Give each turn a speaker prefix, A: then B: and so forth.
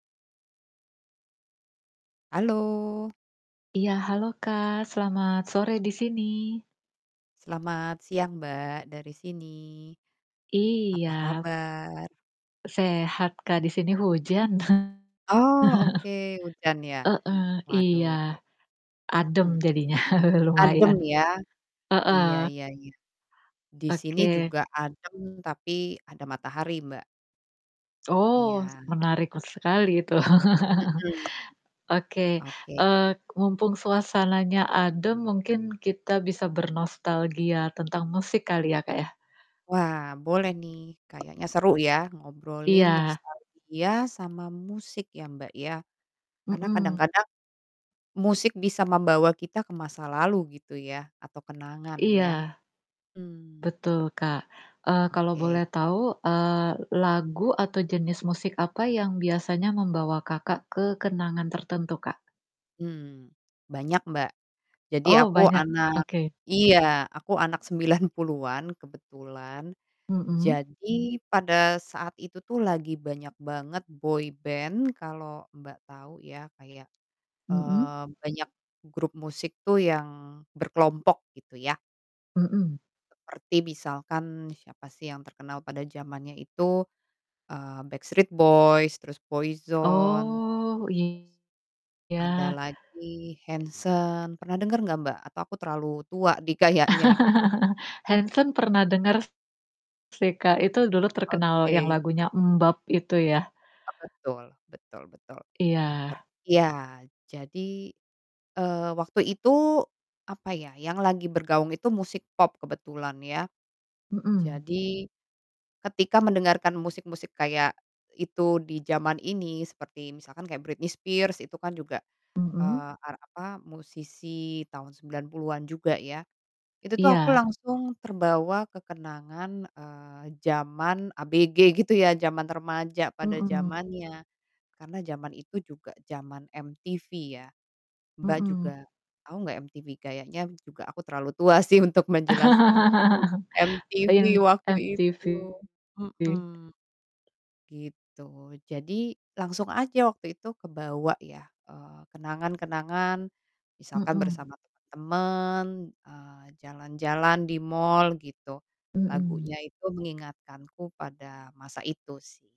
A: Halo.
B: Iya halo Kak, selamat sore di sini.
A: Selamat siang Mbak dari sini. Apa
B: Iya.
A: kabar?
B: Sehat Kak di sini hujan.
A: Oh oke hujan ya?
B: Heeh,
A: Waduh.
B: iya. Adem
A: Mhm.
B: jadinya.
A: Adem
B: Lumayan.
A: ya, iya
B: Heeh.
A: iya iya disini
B: Oke.
A: juga adem tapi ada matahari Mbak.
B: Oh,
A: Iya.
B: menarik sekali itu.
A: Mhm.
B: Oke.
A: Oke.
B: Eee, mumpung suasananya adem mungkin kita bisa bernostalgia tentang musik kali ya Kak ya?
A: Wah boleh nih kayaknya seru ya ngobrolin
B: Iya.
A: nostalgia sama musik ya Mbak ya karena
B: Mhm.
A: kadang-kadang musik bisa membawa kita ke masa lalu gitu ya atau kenangan
B: Iya.
A: ya, mmm.
B: Betul Kak. Eee, kalau
A: Oke.
B: boleh tahu, eee, lagu atau jenis musik apa yang biasanya membawa Kakak ke kenangan tertentu Kak?
A: Mmm, banyak Mbak jadi
B: Oh
A: aku
B: banyak.
A: anak
B: Oke.
A: iya aku anak 90-an kebetulan
B: Mhm.
A: jadi pada saat itu tuh lagi banyak banget boyband kalo Mbak tau ya kayak,
B: Mhm.
A: eee, banyak grup musik tuh yang berkelompok gitu ya.
B: Mhm.
A: Seperti misalkan siapa sih yang terkenal pada zamannya itu, eee, Backstreet Boys terus Boyzone.
B: Oh,
A: Ada
B: iya.
A: lagi Hanson pernah denger gak Mbak? Atau aku terlalu tua di kayaknya?
B: Hanson pernah denger sih, Kak. Itu dulu terkenal yang
A: Oke.
B: lagunya MMMBop itu ya?
A: Oh betul. betul betul ter
B: Iya.
A: iya jadi, eee, waktu itu apa ya, yang lagi bergaung itu musik pop kebetulan ya.
B: Mhm.
A: Jadi ketika mendengarkan musik-musik kayak itu di zaman ini seperti misalkan kayak Britney Spears itu kan juga,
B: Mhm.
A: eee, ar apa, musisi tahun 90-an juga ya. Itu tuh aku
B: Iya.
A: langsung terbawa kekenangan, eee, jaman ABG gitu ya, jaman remaja
B: Mmm,
A: pada
B: mhm.
A: zamannya karena jaman itu juga jaman MTV ya. Mbak
B: Mhm.
A: juga tau nggak MTV? Kayaknya m juga aku terlalu tua sih untuk menjelaskan. MTV
B: In
A: waktu itu,
B: MTV.
A: mhm, gitu. Jadi langsung aja waktu itu kebawa ya, eee, kenangan-kenangan misalkan
B: Mhm.
A: bersama temen. Eee, jalan-jalan di mall gitu
B: Mhm.
A: lagunya itu mengingatkanku pada masa itu sih